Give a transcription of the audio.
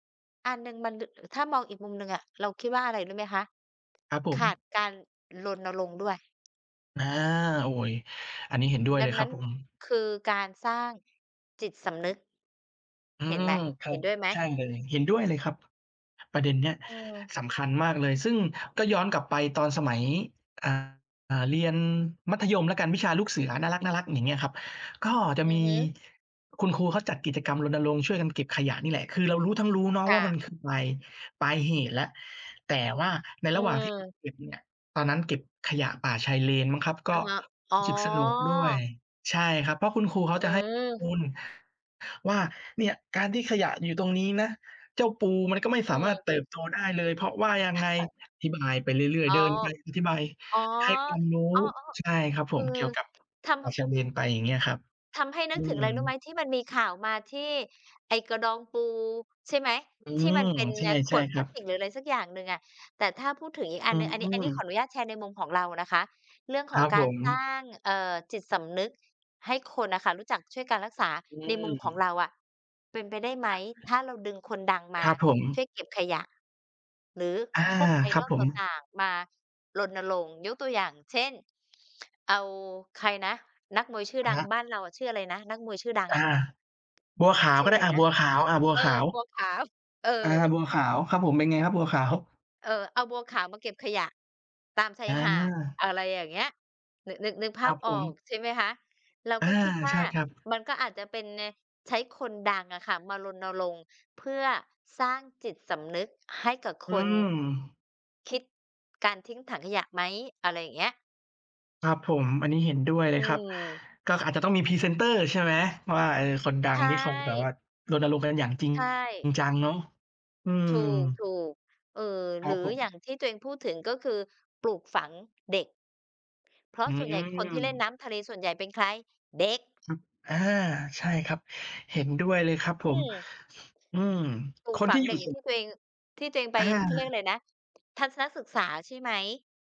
อันหนึ่งมัน ล ถ้ามองอีกมุมหนึ่งอะ เราคิดว่าอะไรรู้ไหมคะ? ครับผขาดม การรณรงค์ด้วย อา โอ้ย อันนี้เห็นด้วยดเัลยงครนัั้บน ผม คือการสร้างจิตสำนึก อืเห็นม ไหม? ครเัห็บ นด้วยไหม? ใช่เลย เห็นด้วยเลยครับ ประเด็นเนี้ย อืม สำคัญมากเลย ซึ่งก็ย้อนกลับไป ตอนสมัย อ่า เรียนมัธยมแล้วกัน วิชาลูกเสือน่ารัก ๆ อย่างเงี้ยครับ ก็จะอืมีอฮึ คุณครูเขาจัดกิจกรรมรณรงค์ช่วยกันเก็บขยะนี่แหละ คือเรารู้ทั้งรู้เนาะคว่่า มะ ันคือ ปลาย ปลายเหตุแล้ว แต่ว่าในอืระหว่างที่ ก เก็ม บเนี่ย ตอนนั้นเก็บขยะป่าชายเลนมั้งครับ กอ็ะฮะ อ๋รอ ู้สึกสนุกด้วย ใช่ครับ เพราะคุณครูเขาอจะให้ มืม ูลว่า เนี่ยการที่ขยะอยู่ตรงนี้นะ เจ้าปูมันก็ไม่อืสามารถม เติบโตได้เลย เพราะว่ายังไง อธิบายไปเรื่อย อ๋ๆ อ เดินไปอธิบาย อ๋อ ให้ความรู้ อ๋อ ใช่ครับๆ ผอืม เอ กี่ยวกับทปำ ่ทาำ ชายเลนไป อย่างเงี้ยครับ ทำให้นึอืกถึงอะไรรู้ไหม? ม ที่มันมีข่าวมาที่ไอ้กระดองปูใช่ไหม? อืที่ม มันเป็นใชเนี่ยข่ วดๆ คพลรัาสบ ติก หรืออะไรสักอย่างหนึ่งอะ แต่ถ้าพูดถึงอีกออัืนหนึ่ง อันนี้ อันนี้ขอม อนุญาตแชร์ในมุมของเรานะคะ เรื่องคขรอังบกผารสร้ม าง เอ่อ จิตสำนึกให้คนน่ะค่ะ รู้จักช่วยการรักษาอืในมุมของม เราอะ เป็นไปได้ไหม? ถ้าเราดึงคนดังมคารับผช่ม วยเก็บขยะ หรืออา พวก ครับIdol ผตม ่าง ๆ มารณรงค์ ยกตัวอย่างเช่น เอาใครนะ นักมวยชื่ออดะัฮงะ บ้านเราอะชื่ออะไรนะ นักมวยชื่อดังอา อะ? บัวขาวชืก่็ออไะด้ ไรอา นบะ ัวขาว อา บัวเออ ขาว บัวขาว เออ อา บัวขาวครับผม เป็นไงครับ บัวขาว? เออ เอาบัวขาวมาเก็บขยะตามชายอหาด า อะไรอย่างเงี้ย นึก นึก นึกภคราัพบอผม อกใช่ไหมคะ? เราอา ก็คิดวใ่า ช่ครับ มันก็อาจจะเป็นใน ใช้คนดังอะค่ะมารณรงค์ เพื่อสร้างจิตสำนึกให้กับอืคนม คิดการทิ้งถังขยะไหม อะไรอย่างเงี้ย ครับผม อันนี้เห็นด้วยเลอืยครับ ม ก็อาจจะต้องมีพรีเซนเตอร์ ใช่ไหมว่า เออ คนดใัชงที่เขาแบบ่ ว่ารณรงค์กันอย่างจริงใช่ จังเนาะ อืม ถูก ๆ เออ ครหรับือผอย่าม งที่ตัวเองพูดถึง ก็คือปลูกฝังเด็ก เพราอืะส่วนใหญ่ คนที่เล่นม น้ำทะเลส่วนใหญ่เป็นใคร เด็ก ครับ อา ใช่ครับ เห็นด้วยเลยครับผอืม ม อืม ปลูคกนฝัที่งอยเดู็่กอย่าสุงทข ี่ตัวเอง ที่ตัวเองไป อเขาเรียกอา ะไรนะ ทัศนศึกษา ใช่ไหม?